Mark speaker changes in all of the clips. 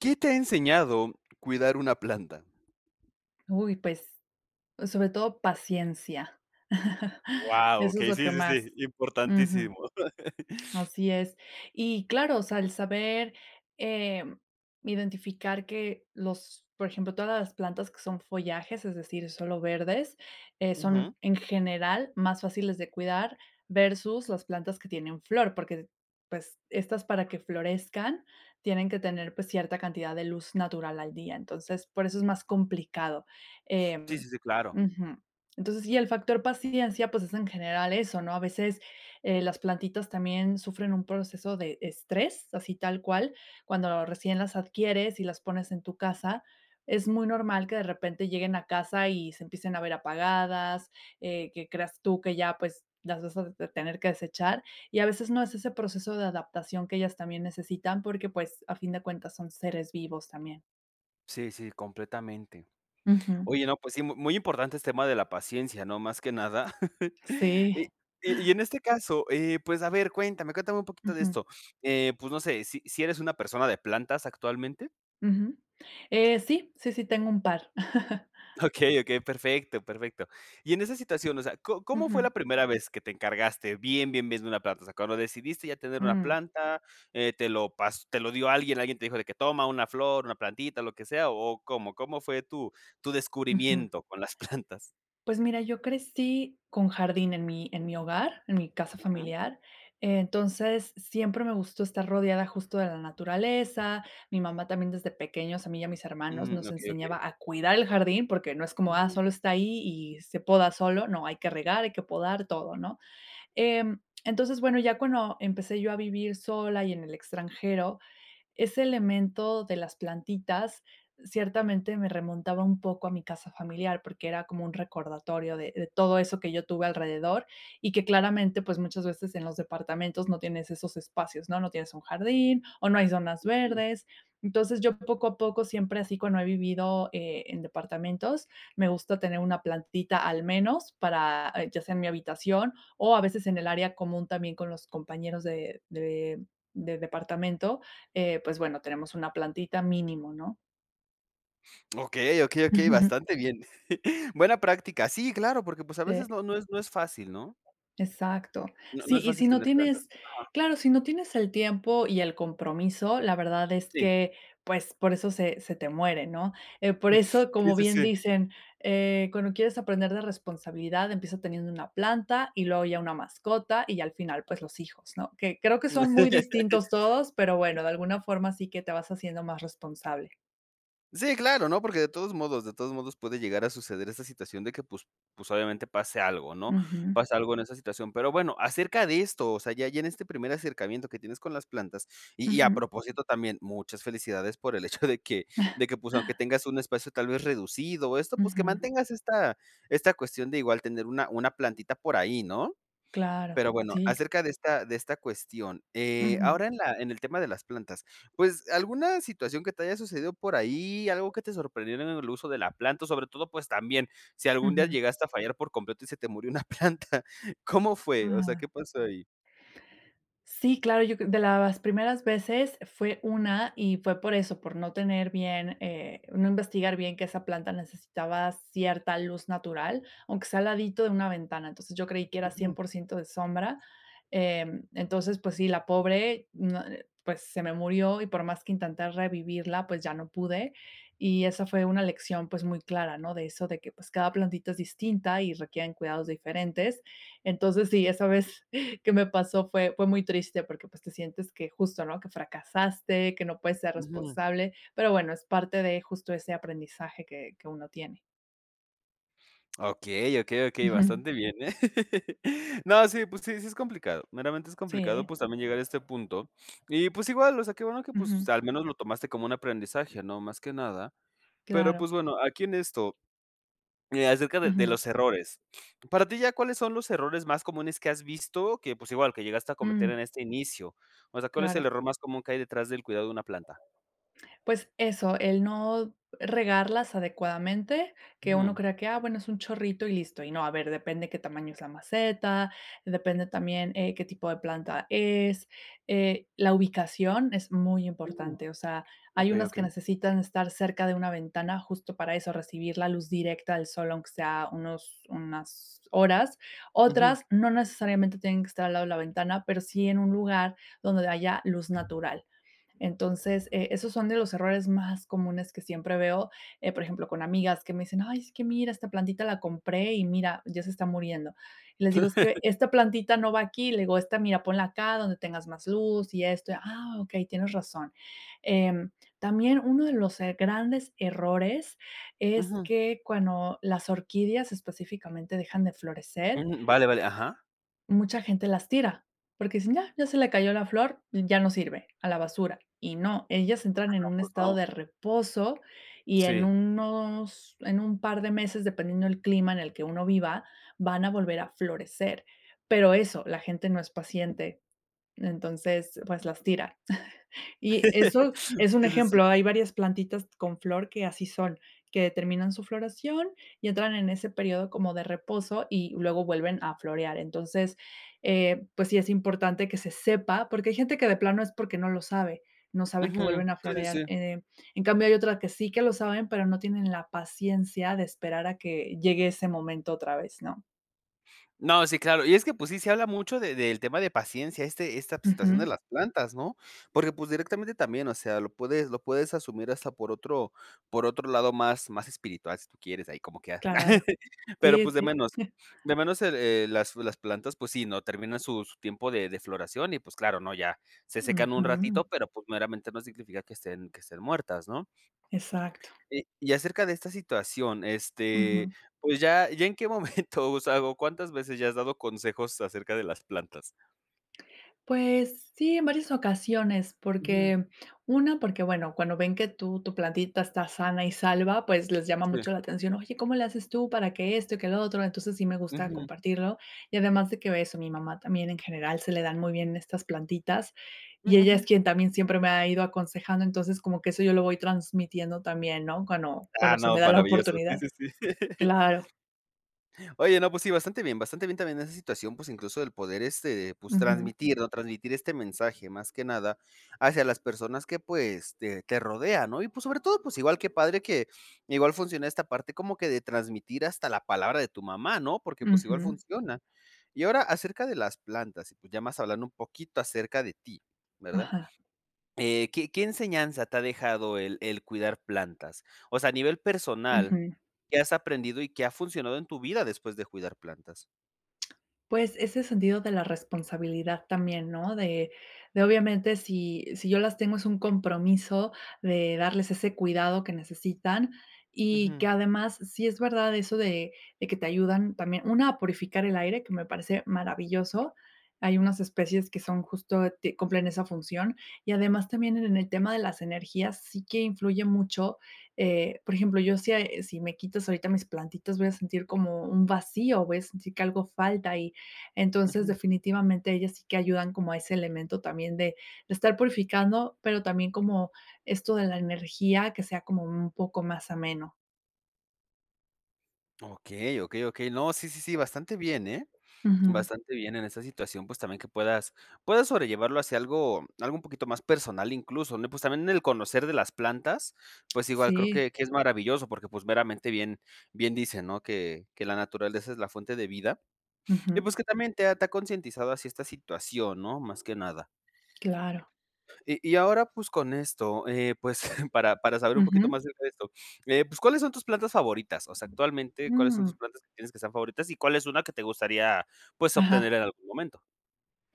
Speaker 1: ¿Qué te ha enseñado cuidar una planta?
Speaker 2: Uy, pues, pues sobre todo paciencia.
Speaker 1: Wao,
Speaker 2: Eso es
Speaker 1: okey.
Speaker 2: lo
Speaker 1: Sí,
Speaker 2: que
Speaker 1: sí, sí,
Speaker 2: más Ujú.
Speaker 1: importantísimo.
Speaker 2: Así es, y claro, o sea, el saber, eh, identificar que los por ejemplo, todas las plantas que son follajes, es decir, solo verdes, eh,
Speaker 1: Ujú.
Speaker 2: son en general más fáciles de cuidar versus las plantas que tienen flor porque, pues estas para que florezcan tienen que tener, pues cierta cantidad de luz natural al día, entonces por eso es más complicado, eh
Speaker 1: Sí, sí, sí, claro.
Speaker 2: Ujú, entonces y el factor paciencia, pues es en general eso, ¿no? A veces, eh, las plantitas también sufren un proceso de estrés así tal cual cuando recién las adquieres y las pones en tu casa, es muy normal que de repente lleguen a casa y se empiecen a ver apagadas, eh, que creas tú que ya, pues, las vas a tener que desechar y a veces no, es ese proceso de adaptación que ellas también necesitan porque pues, a fin de cuentas, son seres vivos también.
Speaker 1: Sí, sí, completamente.
Speaker 2: Ujú.
Speaker 1: Oye, no, pues sí, muy importante el tema de la paciencia, ¿no?, más que nada
Speaker 2: Sí.
Speaker 1: y y y en este caso, eh, pues a ver, cuéntame cuéntame un poquito de
Speaker 2: Ujú.
Speaker 1: esto, eh, pues no sé si, ¿si eres una persona de plantas actualmente?
Speaker 2: Ujú, eh, sí, sí, sí, tengo un par.
Speaker 1: Okey, okey, perfecto, perfecto. Y en esa situación, o sea, co ¿cómo fue la
Speaker 2: Ujú.
Speaker 1: primera vez que te encargaste bien, bien, bien de una planta? O sea ¿Cuándo decidiste ya tener una
Speaker 2: Mm.
Speaker 1: planta?, eh, ¿te lo pas te lo dio alguien? ¿Alguien te dijo de que toma una flor, una plantita, lo que sea o cómo? ¿Cómo fue tu tu
Speaker 2: Ujú.
Speaker 1: descubrimiento con las plantas?
Speaker 2: Pues mira, yo crecí con jardín en mi en mi hogar, en mi casa
Speaker 1: Ujú.
Speaker 2: familiar. Entonces siempre me gustó estar rodeada justo de la naturaleza. Mi mamá también desde pequeños a mí y a mis hermanos
Speaker 1: Mm,
Speaker 2: nos
Speaker 1: okey, okey.
Speaker 2: enseñaba a cuidar el jardín porque no es como, ah,
Speaker 1: Ujú.
Speaker 2: solo está ahí y se poda solo. No hay que regar. Hay que podar todo, ¿no?, eh, entonces bueno, ya cuando empecé yo a vivir sola y en el extranjero, ese elemento de las plantitas, ciertamente me remontaba un poco a mi casa familiar porque era como un recordatorio de de todo eso que yo tuve alrededor y que claramente, pues muchas veces en los departamentos no tienes esos espacios, ¿no?, no tienes un jardín o no hay zonas
Speaker 1: Ujú.
Speaker 2: verdes. Entonces yo poco a poco siempre así, cuando he vivido, eh, en departamentos, me gusta tener una plantita al menos para, eh, ya sea en mi habitación o a veces en el área común, también con los compañeros de de del departamento, eh, pues bueno, tenemos una plantita mínimo, ¿no?
Speaker 1: Okey, okey,
Speaker 2: Ujú,
Speaker 1: okey.
Speaker 2: ujú.
Speaker 1: Bastante bien. Buena práctica. Sí, claro, porque pues a veces
Speaker 2: Eh.
Speaker 1: no no es no es fácil, ¿no?
Speaker 2: Exacto.
Speaker 1: No no
Speaker 2: Sí,
Speaker 1: es
Speaker 2: y
Speaker 1: fácil
Speaker 2: si no
Speaker 1: tener plantas.
Speaker 2: tienes
Speaker 1: Ajá.
Speaker 2: claro, si no tienes el tiempo y el compromiso, la verdad es
Speaker 1: Sí.
Speaker 2: que pues por eso se se te muere, no, eh, por
Speaker 1: Mm,
Speaker 2: eso,
Speaker 1: sí,
Speaker 2: como
Speaker 1: sí,
Speaker 2: bien
Speaker 1: sí.
Speaker 2: dicen, eh, cuando quieres aprender de responsabilidad empieza teniendo una planta y luego ya una mascota y al final, pues los hijos, ¿no?, que creo que son muy distintos todos, pero bueno, de alguna forma sí que te vas haciendo más responsable.
Speaker 1: Sí, claro, ¿no?, porque de todos modos de todos modos, puede llegar a suceder esa situación de que pues pues obviamente pase algo, ¿no?,
Speaker 2: Ujú.
Speaker 1: pasa algo en esa situación, pero bueno, acerca de esto, o sea, ya ya en este primer acercamiento que tienes con las plantas y y a
Speaker 2: Ujú.
Speaker 1: propósito también muchas felicidades por el hecho de que de que pues aunque tengas un espacio tal vez reducido o esto pues que
Speaker 2: Ujú.
Speaker 1: mantengas esta esta cuestión de igual tener una una plantita por ahí, ¿no?
Speaker 2: Claro,
Speaker 1: Pero bueno,
Speaker 2: sí.
Speaker 1: acerca de esta de esta cuestión, eh
Speaker 2: Ujú.
Speaker 1: ahora en la en el tema de las plantas, pues alguna situación que te haya sucedido por ahí, algo que te sorprendiera en el uso de la planta, sobre todo, pues también si algún día
Speaker 2: Ujú.
Speaker 1: llegaste a fallar por completo y se te murió una planta ¿cómo fue? o sea,
Speaker 2: Ah.
Speaker 1: ¿qué pasó ahí?
Speaker 2: Sí, claro. Yo cre de las primeras veces, fue una y fue por eso, por no tener bien, eh, no investigar bien que esa planta necesitaba cierta luz natural, aunque sea al ladito de una ventana. Entonces yo creí que era un cien
Speaker 1: Ujú.
Speaker 2: por ciento de sombra. Mm entonces pues sí, la pobre, mm, eh, pues se me murió y por más que intenté revivirla, pues ya no pude. Y esa fue una lección, pues muy clara, ¿no? de eso de que pues cada plantita es distinta y requieren cuidados diferentes. Entonces sí, esa vez que me pasó fue fue muy triste porque pues te sientes que justo, ¿no?, que fracasaste, que no puedes ser
Speaker 1: Ujú.
Speaker 2: responsable, pero bueno, es parte de justo ese aprendizaje que que uno tiene.
Speaker 1: Okey, okey, okey.
Speaker 2: Ujú.
Speaker 1: Bastante bien, ¿eh? No, sí, pues, sí, sí, es complicado. Meramente, es complicado,
Speaker 2: Sí.
Speaker 1: pues, también llegar a este punto. Y, pues, igual, o sea, que bueno que, pues,
Speaker 2: Ujú.
Speaker 1: al menos lo tomaste como un aprendizaje, ¿no?, más que nada, pero,
Speaker 2: Claro.
Speaker 1: pues, bueno, aquí en esto, eh, acerca de de
Speaker 2: Ujú.
Speaker 1: los errores, para ti, ¿ya cuáles son los errores más comunes que has visto que, pues, igual que llegaste a cometer
Speaker 2: Mm.
Speaker 1: en este inicio? O sea, ¿cuál es el
Speaker 2: Claro.
Speaker 1: error más común que hay detrás del cuidado de una planta?
Speaker 2: Pues, eso, el no regarlas adecuadamente, que uno
Speaker 1: Ujú.
Speaker 2: crea que ah, bueno, es un chorrito y listo, y no a ver, depende qué tamaño es la maceta, depende también, eh, qué tipo de planta es, eh, la ubicación es muy
Speaker 1: Ujú,
Speaker 2: importante, o sea, hay
Speaker 1: okey,
Speaker 2: unas que
Speaker 1: okey.
Speaker 2: necesitan estar cerca de una ventana, justo, para eso, recibir la luz directa del sol, aunque sea unos unas horas,
Speaker 1: Ujú.
Speaker 2: otras no necesariamente tienen que estar al lado de la ventana, pero sí en un lugar donde haya luz natural. Entonces, eh, esos son de los errores más comunes que siempre veo, eh, por ejemplo, con amigas que me dicen: "Ay, es que mira, esta plantita la compré y mira, ya se está muriendo". Y les digo es que esta plantita no va aquí, le digo, esta mira, ponla acá donde tengas más luz y esto, ah, okey, tienes razón. Em, también uno de los, eh, grandes errores, es
Speaker 1: Ujú.
Speaker 2: que cuando las orquídeas, específicamente, dejan de florecer.
Speaker 1: Mm. Vale, vale. Ajá.
Speaker 2: Mucha gente las tira, porque dicen ya ya se le cayó la flor, ya no sirve a la basura. Y no, ellas entran en
Speaker 1: Anda,
Speaker 2: un
Speaker 1: pues,
Speaker 2: estado
Speaker 1: ¿no?
Speaker 2: de reposo, y en
Speaker 1: Sí.
Speaker 2: unos en un par de meses, dependiendo del clima en el que uno viva, van a volver a florecer. Pero eso la gente no es paciente. Entonces, pues, las tira, y eso
Speaker 1: Sí,
Speaker 2: es un
Speaker 1: sí, sí.
Speaker 2: ejemplo. Hay varias plantitas con flor que así son, que terminan su floración, y entran en ese período como de reposo y luego vuelven a florear. Entonces, eh, pues sí, es importante que se sepa, porque hay gente que de plano es porque no lo sabe. No sabe que
Speaker 1: Ujú.
Speaker 2: vuelven a
Speaker 1: Sí, sí,
Speaker 2: florear,
Speaker 1: sí.
Speaker 2: eh, en cambio, hay otras que sí que lo saben, pero no tienen la paciencia de esperar a que llegue ese momento otra vez, ¿no?
Speaker 1: No, sí, claro. Y es que, pues sí, se habla mucho de del tema de paciencia, este esta situación de
Speaker 2: Ujú.
Speaker 1: las plantas, ¿no? Porque, pues, directamente también, o sea, lo puedes, lo puedes asumir hasta por otro por otro lado más, más espiritual si tú quieres, ahí como que ah.
Speaker 2: Claro.
Speaker 1: Pero,
Speaker 2: Sí,
Speaker 1: pues, de
Speaker 2: sí.
Speaker 1: menos de menos las las plantas, pues, sí, ¿no?, terminan su, su tiempo de de floración, y pues claro, ¿no?, ya se secan un ratito,
Speaker 2: Ujú.
Speaker 1: pero, pues, meramente no significa que estén, que estén muertas, ¿no?
Speaker 2: Exacto.
Speaker 1: Y y acerca de esta situación, este,
Speaker 2: Ujú.
Speaker 1: pues, ya ya en qué momento usado ¿Cuántas veces ya has dado consejos acerca de las plantas?
Speaker 2: Pues sí, en varias ocasiones,
Speaker 1: Ujú.
Speaker 2: porque una porque bueno, cuando ven que tú tu plantita está sana y salva, pues, les llama
Speaker 1: Sí.
Speaker 2: mucho la atención. "Oye, ¿cómo le haces tú para que esto que lo otro?". Entonces sí me gusta
Speaker 1: Ujú.
Speaker 2: compartirlo, y además de que eso, mi mamá también en general se le dan muy bien estas plantitas,
Speaker 1: Ujú,
Speaker 2: y ella
Speaker 1: ujú.
Speaker 2: es quien también siempre me ha ido aconsejando. Entonces, como que eso yo lo voy transmitiendo también, ¿no?, cuando,
Speaker 1: Ah,
Speaker 2: cuando se me
Speaker 1: no,
Speaker 2: da la
Speaker 1: maravilloso. Sí,
Speaker 2: oportunidad,
Speaker 1: sí, sí.
Speaker 2: claro.
Speaker 1: Oye, no, pues sí, bastante bien, bastante bien también esa situación, pues, incluso el poder, este, pues,
Speaker 2: Ujú.
Speaker 1: transmitir, ¿no?, transmitir este mensaje más que nada hacia las personas que, pues, te te rodean, ¿no? Y pues, sobre todo, pues, igual qué padre, que igual funciona esta parte como que de transmitir hasta la palabra de tu mamá, ¿no?, porque, pues, igual
Speaker 2: Ujú.
Speaker 1: funciona. Y ahora acerca de las plantas, y pues, ya más hablando un poquito acerca de ti, ¿verdad?
Speaker 2: Ajá.
Speaker 1: Eh, ¿qué, qué enseñanza te ha dejado el, el cuidar plantas? O sea, a nivel personal.
Speaker 2: Ujú.
Speaker 1: ¿Qué has aprendido y qué ha funcionado en tu vida después de cuidar plantas?
Speaker 2: Pues, ese sentido de la responsabilidad también, ¿no?, de de obviamente, si si yo las tengo, es un compromiso de darles ese cuidado que necesitan, y
Speaker 1: Ujú.
Speaker 2: que además, sí es verdad eso de de que te ayudan también. Una a purificar el aire que me parece maravilloso, hay unas especies que son justo, cumplen esa función, y además también en el tema de las energías sí que influye mucho. Eh, por ejemplo, yo, si si me quitas ahorita mis plantitas, voy a sentir como un vacío. Voy a sentir que algo falta. Y entonces,
Speaker 1: Ujú.
Speaker 2: definitivamente ellas sí que ayudan como a ese elemento también de, de estar purificando, pero también como esto de la energía que sea como un poco más ameno.
Speaker 1: Okey, okey, okey. No, sí, sí, sí, bastante bien, ¿eh?
Speaker 2: Ujú.
Speaker 1: Bastante bien en esa situación, pues, también que puedas, puedas sobrellevarlo hacia algo, algo un poquito más personal, incluso, le pues también en el conocer de las plantas, pues. Igual creo
Speaker 2: Sí.
Speaker 1: que, que es maravilloso, porque, pues, meramente bien, bien dicen, ¿no?, que, que la naturaleza es la fuente de vida. Y
Speaker 2: Ujú.
Speaker 1: pues, que también te te ha concientizado así esta situación, ¿no? Más que nada.
Speaker 2: Claro.
Speaker 1: Y y ahora, pues, con esto, eh, pues, para, para saber un poquito
Speaker 2: Ujú.
Speaker 1: más acerca de esto. Eh pues, ¿cuáles son tus plantas favoritas? O sea, actualmente, ¿cuáles son tus
Speaker 2: Ujú.
Speaker 1: plantas que tienes que son favoritas y cuál es una que te gustaría, pues, obtener
Speaker 2: Ajá.
Speaker 1: en algún momento?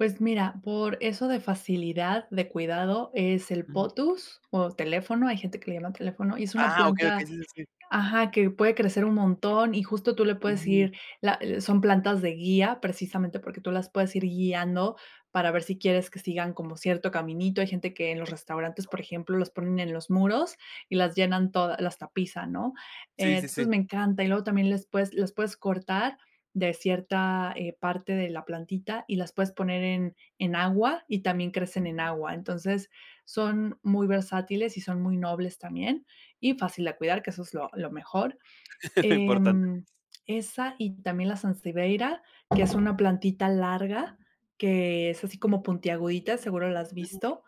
Speaker 2: Pues mira, por eso de facilidad de cuidado es el
Speaker 1: Ujú.
Speaker 2: Potus o Teléfono. Hay gente que le llama Teléfono y es una
Speaker 1: Ah, okey, okey.
Speaker 2: planta
Speaker 1: Sí, sí, sí.
Speaker 2: ajá, que puede crecer un montón y justo tú le puedes
Speaker 1: Ujú.
Speaker 2: ir la son plantas de guía precisamente porque tú las puedes ir guiando para ver si quieres que sigan como cierto caminito. Hay gente que en los restaurantes, por ejemplo, los ponen en los muros y las llenan todas las tapizan, ¿no?
Speaker 1: Sí,
Speaker 2: Eh,
Speaker 1: sí,
Speaker 2: entonces
Speaker 1: sí.
Speaker 2: me encanta. Y luego también les puedes las puedes cortar de cierta, eh, parte de la plantita y las puedes poner en en agua y también crecen en agua. Entonces son muy versátiles y son muy nobles también y fácil de cuidar, que eso es lo lo mejor.
Speaker 1: Importante.
Speaker 2: Em, esa y también la Sansevieria, que es una plantita larga que es así como puntiagudita. Seguro la has
Speaker 1: Ujú.
Speaker 2: visto.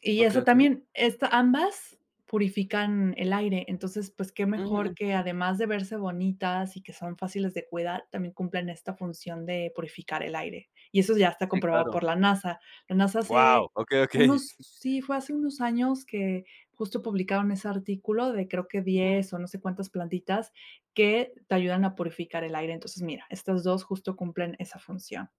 Speaker 2: Y
Speaker 1: Okey,
Speaker 2: eso
Speaker 1: okey.
Speaker 2: también esto ambas purifican el aire. Entonces pues qué
Speaker 1: Mm,
Speaker 2: mejor que
Speaker 1: ujú.
Speaker 2: además de verse bonitas y que son fáciles de cuidar, también cumplen esta función de purificar el aire. Y eso ya está
Speaker 1: Sí,
Speaker 2: comprobado
Speaker 1: claro.
Speaker 2: por la NASA. La NASA
Speaker 1: Guau.
Speaker 2: hace
Speaker 1: Okey, okey.
Speaker 2: unos, sí, fue hace unos años que justo publicaron ese artículo de creo que
Speaker 1: Ujú.
Speaker 2: 10 o no sé cuántas plantitas que te ayudan a purificar el aire. Entonces mira, estas dos justo cumplen esa función.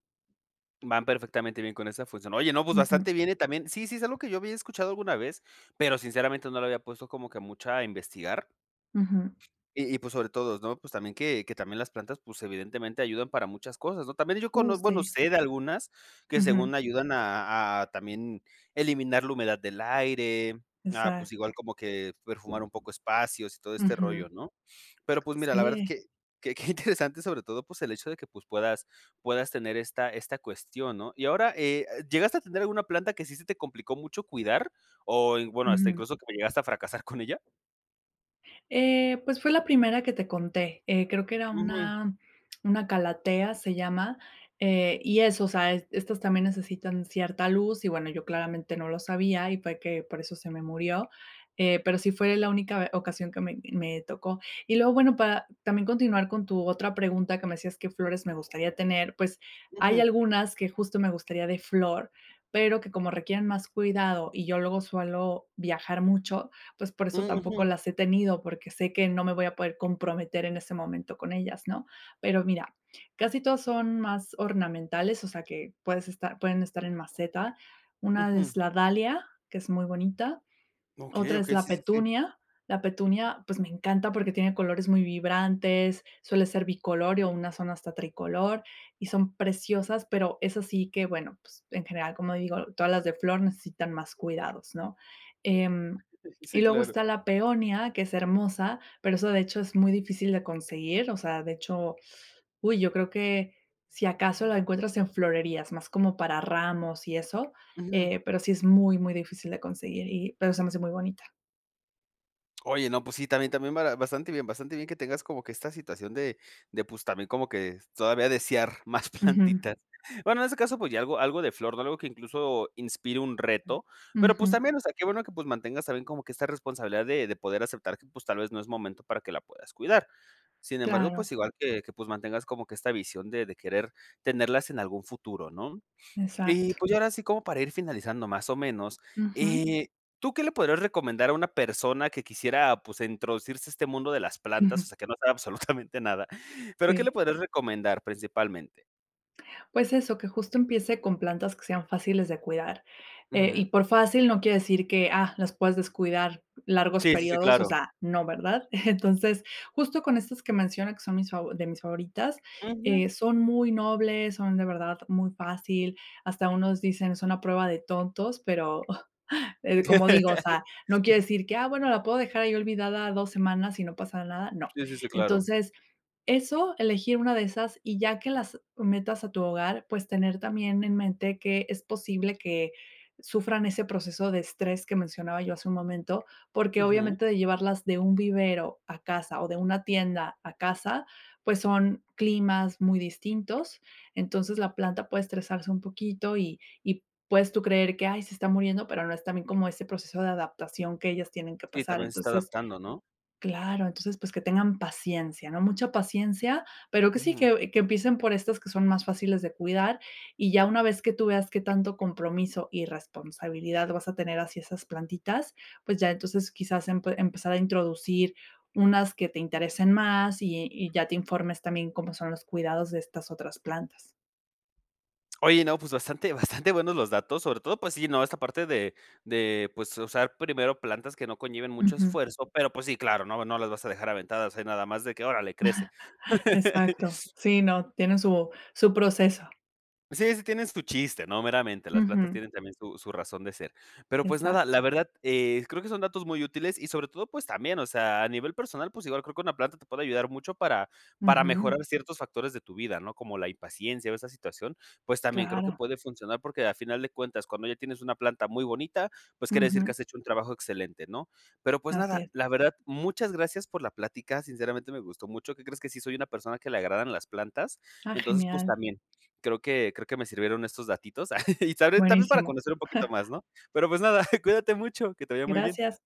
Speaker 1: Van perfectamente bien con esa función. Oye, no, pues,
Speaker 2: Ujú.
Speaker 1: bastante bien y también sí, sí es algo que yo había escuchado alguna vez, pero sinceramente, no le había puesto como que mucha a investigar.
Speaker 2: Ujú.
Speaker 1: Y y pues sobre todo, ¿no?, pues, también que que también las plantas, pues, evidentemente, ayudan para muchas cosas, ¿no? También yo
Speaker 2: Uh,
Speaker 1: cono bueno,
Speaker 2: sí.
Speaker 1: sé de algunas, que
Speaker 2: Ujú.
Speaker 1: según ayudan a a también eliminar la humedad del aire, ah, pues,
Speaker 2: Exacto.
Speaker 1: igual como que perfumar un poco espacios y todo este
Speaker 2: Ujú.
Speaker 1: rollo, ¿no? Pero, pues, mira, la verdad
Speaker 2: Sí.
Speaker 1: que que qué interesante, sobre todo, pues, el hecho de que, pues, puedas puedas tener esta esta cuestión, ¿no? Y ahora, eh eh, ¿llegaste a tener alguna planta que sí se te complicó mucho cuidar? O, y bueno, ¿hasta
Speaker 2: Ujú.
Speaker 1: incluso que llegaste a fracasar con ella?
Speaker 2: Eh, pues, fue la primera que te conté. Eh, creo que era
Speaker 1: Ujú.
Speaker 2: una una calathea, se llama, eh, y eso, o sea, est estas también necesitan cierta luz y bueno, yo, claramente, no lo sabía y fue que por eso se me murió. Eh, pero sí fue la única ocasión que me me tocó. Y, luego bueno, para también continuar con tu otra pregunta que me decías que flores me gustaría tener. Pues, hay
Speaker 1: Ujú.
Speaker 2: algunas que, justo, me gustaría de flor, pero que como requieren más cuidado y yo luego suelo viajar mucho, pues, por eso
Speaker 1: Um,
Speaker 2: tampoco
Speaker 1: ujú.
Speaker 2: las he tenido, porque sé que no me voy a poder comprometer en ese momento con ellas, ¿no? Pero mira, casi todas son más ornamentales, o sea, que puedes estar pueden estar en maceta. Una
Speaker 1: Ujú.
Speaker 2: es la Dahlia, que es muy bonita,
Speaker 1: Okey,
Speaker 2: otra es
Speaker 1: okey.
Speaker 2: la
Speaker 1: Sí, sí, sí.
Speaker 2: Petunia la Petunia, pues, me encanta porque tiene colores muy vibrantes, suele ser bicolor y unas son hasta tricolor, y son preciosas. Pero eso sí, que bueno, pues, en general, como digo, todas las de flor necesitan más cuidados, ¿no? Em, y
Speaker 1: Sí,
Speaker 2: luego
Speaker 1: claro.
Speaker 2: está la peonia, que es hermosa, pero esa, de hecho, es muy difícil de conseguir, o sea, de hecho uy, yo creo que si acaso, la encuentras en florerías más como para ramos y eso,
Speaker 1: Ujú.
Speaker 2: eh, pero sí es muy, muy difícil de conseguir y pero se me hace muy bonita.
Speaker 1: Oye, no. Pues sí, también también bastante bien bastante bien que tengas como que esta situación de de pues también como que todavía desear más
Speaker 2: Ujú.
Speaker 1: plantitas. Bueno, en ese caso, pues ya algo algo de flor, no algo que incluso inspire un reto, pero pues
Speaker 2: Ujú.
Speaker 1: también, o sea, qué bueno que pues mantengas también como que esta responsabilidad de de poder aceptar que pues tal vez no es momento para que la puedas cuidar. Sin embargo,
Speaker 2: Claro.
Speaker 1: pues igual que que pues mantengas como que esta visión de de querer tenerlas en algún futuro, ¿no? Y
Speaker 2: Exacto.
Speaker 1: pues yo ahora así como para ir finalizando más o menos,
Speaker 2: Ujú.
Speaker 1: eh, ¿tú qué le podrías recomendar a una persona que quisiera pues introducirse a este mundo de las plantas.
Speaker 2: Ujú.
Speaker 1: O sea que no sabe absolutamente nada? Pero, ¿qué le
Speaker 2: Sí.
Speaker 1: podrías recomendar principalmente?
Speaker 2: Pues eso que justo empiece con plantas que sean fáciles de cuidar, eh,
Speaker 1: Ujú.
Speaker 2: y por fácil no quiere decir que, ah, las puedes descuidar largos
Speaker 1: Sí, sí, sí,
Speaker 2: períodos. O
Speaker 1: claro.
Speaker 2: sea, no, ¿verdad? Entonces, justo con estas que menciona que son mis de mis favoritas,
Speaker 1: Ujú.
Speaker 2: eh, son muy nobles. Son de verdad muy fácil. Hasta unos dicen son a prueba de tontos, pero, eh, como digo, o sea, no quiere decir que, ah, bueno, la puedo dejar ahí olvidada 2 semanas y no pasa nada. No,
Speaker 1: Sí, sí, sí, claro.
Speaker 2: entonces, eso elegir una de esas y ya que las metas a tu hogar, pues tener también en mente que es posible que sufran ese proceso de estrés que mencionaba yo hace un momento, porque
Speaker 1: Ujú.
Speaker 2: obviamente de llevarlas de un vivero a casa o de una tienda a casa, pues son climas muy distintos. Entonces, la planta puede estresarse un poquito y y puedes tú creer que, ay, se está muriendo, pero no es también como ese proceso de adaptación que ellas tienen que
Speaker 1: Sí,
Speaker 2: pasar
Speaker 1: también se está
Speaker 2: entonces,
Speaker 1: adaptando, ¿no?
Speaker 2: claro, entonces pues que tengan paciencia, ¿no?, mucha paciencia, pero que sí
Speaker 1: Mm.
Speaker 2: que que empiecen por estas que son más fáciles de cuidar y ya una vez que tú veas que tanto compromiso y responsabilidad vas a tener así esas plantitas, pues ya entonces quizás, em, empezar a introducir unas que te interesen más y y ya te informes también cómo son los cuidados de estas otras plantas.
Speaker 1: Oye, no, pues bastante bastante buenos los datos, sobre todo, pues sí, ¿no?, esta parte de de pues usar primero plantas que no conlleven mucho
Speaker 2: Ujú.
Speaker 1: esfuerzo, pero pues sí, claro, no no las vas a dejar a ventadas. Hay nada más de que órale crece.
Speaker 2: Exacto. Sí, ¿no?, tiene su su proceso.
Speaker 1: Sí, sí tienes su chiste, no meramente las plantas
Speaker 2: Ujú.
Speaker 1: tienen también su su razón de ser, pero pues nada,
Speaker 2: Exacto.
Speaker 1: la verdad, eh, creo que son datos muy útiles y sobre todo, pues también, o sea, a nivel personal. Pues igual creo que una planta te puede ayudar mucho para para
Speaker 2: Ujú.
Speaker 1: mejorar ciertos factores de tu vida, ¿no?, como la impaciencia o esa situación. Pues también creo que
Speaker 2: Claro.
Speaker 1: puede funcionar porque al final de cuentas, cuando ya tienes una planta muy bonita. Pues quiere decir que
Speaker 2: Ujú.
Speaker 1: has hecho un trabajo excelente, ¿no?, pero pues
Speaker 2: Así
Speaker 1: nada,
Speaker 2: es.
Speaker 1: la verdad. Muchas gracias por la plática. Sinceramente, me gustó mucho. ¿Qué crees que sí soy una persona que le agradan las plantas?
Speaker 2: Ah,
Speaker 1: Entonces pues
Speaker 2: genial.
Speaker 1: también creo que creo que me sirvieron estos datitos y también para
Speaker 2: Buenísimo.
Speaker 1: conocer un poquito más, ¿no?, pero pues nada. Cuídate mucho. Que te vaya muy bien.
Speaker 2: Gracias.